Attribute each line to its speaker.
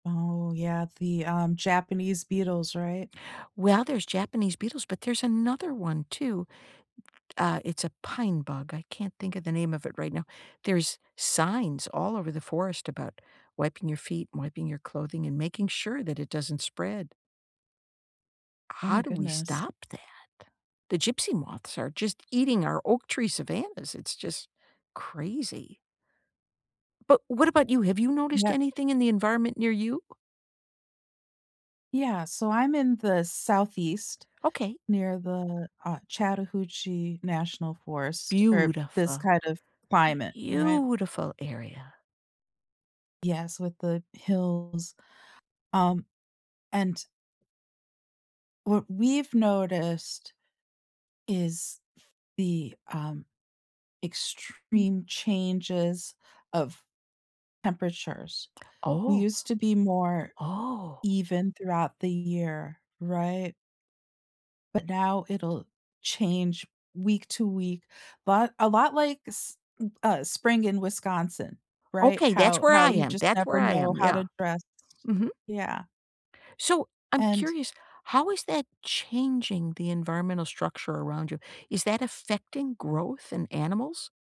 Speaker 1: Oh, yeah, the, um, Japanese beetles, right?
Speaker 2: Well, there's Japanese beetles, but there's another one too. Uh, it's a pine bug. I can't think of the name of it right now. There's signs all over the forest about wiping your feet, wiping your clothing, and making sure that it doesn't spread.
Speaker 1: Oh
Speaker 2: How
Speaker 1: my
Speaker 2: do we
Speaker 1: goodness.
Speaker 2: stop that? The gypsy moths are just eating our oak tree savannahs. It's just crazy. But what about you? Have you noticed
Speaker 1: Yeah.
Speaker 2: anything in the environment near you?
Speaker 1: Yeah, so I'm in the southeast,
Speaker 2: Okay.
Speaker 1: near the, uh, Chattahoochee National Forest, or this
Speaker 2: Beautiful.
Speaker 1: kind of climate, right?
Speaker 2: Beautiful area.
Speaker 1: Yes, with the hills, um, and what we've noticed is the um extreme changes of temperatures. We
Speaker 2: Oh.
Speaker 1: used to be more
Speaker 2: Oh.
Speaker 1: even throughout the year, right? But now it'll change week to week, but a lot like s m uh, spring in Wisconsin, right?
Speaker 2: Okay, that's
Speaker 1: How
Speaker 2: where
Speaker 1: how
Speaker 2: I
Speaker 1: you
Speaker 2: am.
Speaker 1: just
Speaker 2: That's where
Speaker 1: never
Speaker 2: I
Speaker 1: know
Speaker 2: am,
Speaker 1: how
Speaker 2: yeah.
Speaker 1: to dress,
Speaker 2: Mhm.
Speaker 1: yeah.
Speaker 2: So, I'm
Speaker 1: And
Speaker 2: curious, how is that changing the environmental structure around you? Is that affecting growth in animals?